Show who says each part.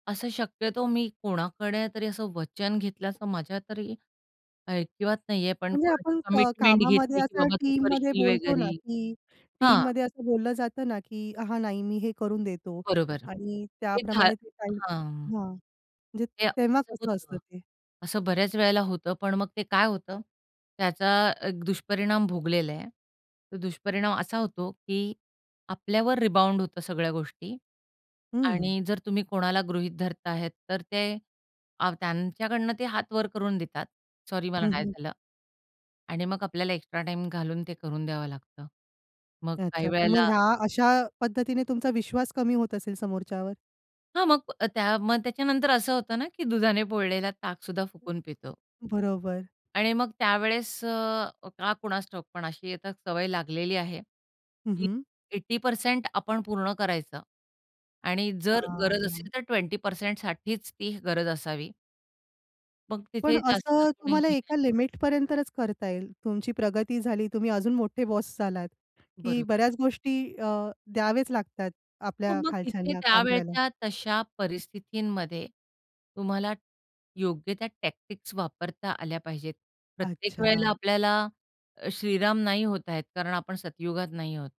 Speaker 1: असं शक्यतो मी कोणाकडे तरी असं वचन घेतल्याचं माझ्या तरी ऐकिवात नाही आहे. पण
Speaker 2: म्हणजे
Speaker 1: कोणाची
Speaker 2: आपण क
Speaker 1: कमिटमेंट
Speaker 2: कामामध्ये
Speaker 1: घेतली की,
Speaker 2: असं
Speaker 1: "बाबा, तू
Speaker 2: टीममध्ये
Speaker 1: करशील"
Speaker 2: बोलतो ना,
Speaker 1: वगैरे
Speaker 2: की
Speaker 1: हां.
Speaker 2: टीममध्ये असं बोललं जातं ना, की "हां, नाही, मी हे करून देतो."
Speaker 1: बरोबर
Speaker 2: आणि
Speaker 1: ते घा
Speaker 2: त्याप्रमाणे ते काही
Speaker 1: हां.
Speaker 2: हां, म्हणजे
Speaker 1: ते
Speaker 2: तेव्हा
Speaker 1: असं
Speaker 2: कसं
Speaker 1: होतं,
Speaker 2: असतं ते?
Speaker 1: असं बऱ्याच वेळेला होतं. पण मग ते काय होतं, त्याचा एक दुष्परिणाम भोगलेला आहे. तो दुष्परिणाम असा होतो की आपल्यावर रिबाउंड होतं सगळ्या गोष्टी.
Speaker 2: हं.
Speaker 1: आणि जर तुम्ही कोणाला गृहीत धरता आहेत, तर ते त्यांच्याकडून ते हातावर करून देतात. सॉरी, मला
Speaker 2: हं,
Speaker 1: नाही
Speaker 2: हं.
Speaker 1: झालं. आणि मग आपल्याला एक्स्ट्रा टाईम घालून ते करून द्यावं लागतं. मग काही
Speaker 2: [unintelligible] पण मग
Speaker 1: वेळेला
Speaker 2: ह्या अशा पद्धतीने तुमचा विश्वास कमी होत असेल समोरच्यावर?
Speaker 1: हां. मग अ, त्या मग त्याच्यानंतर असं होतं ना, की दुधाने पोळलेला ताक सुद्धा फुकून पितो.
Speaker 2: बरोबर.
Speaker 1: आणि मग त्यावेळेस अ, का कुणास ठाऊक, पण अशी आता सवय लागलेली आहे
Speaker 2: हं,
Speaker 1: की
Speaker 2: हं.
Speaker 1: 80% आपण पूर्ण करायचं. आणि
Speaker 2: हां,
Speaker 1: जर गरज
Speaker 2: हां.
Speaker 1: असेल, तर 20% साठीच ती गरज असावी. मग तिथे
Speaker 2: पण
Speaker 1: जास्त
Speaker 2: असं
Speaker 1: कोणी
Speaker 2: तुम्हाला
Speaker 1: हे नाही
Speaker 2: एका
Speaker 1: होणार.
Speaker 2: लिमिटपर्यंतच करता येईल. तुमची प्रगती झाली, तुम्ही अजून मोठे बॉस झालात, की
Speaker 1: बरोबर.
Speaker 2: बऱ्याच गोष्टी अ, द्यावेच लागतात
Speaker 1: हो,
Speaker 2: आपल्या
Speaker 1: मग तिथे
Speaker 2: खालच्यांना काम करायला.
Speaker 1: त्यावेळच्या तशा परिस्थितीमध्ये तुम्हाला योग्य त्या टॅक्टिक्स वापरता आल्या पाहिजेत. प्रत्येक वेळेला
Speaker 2: अच्छा.
Speaker 1: आपल्याला अ, श्रीराम नाही होतायेत, कारण आपण सत्ययुगात नाही आहोत.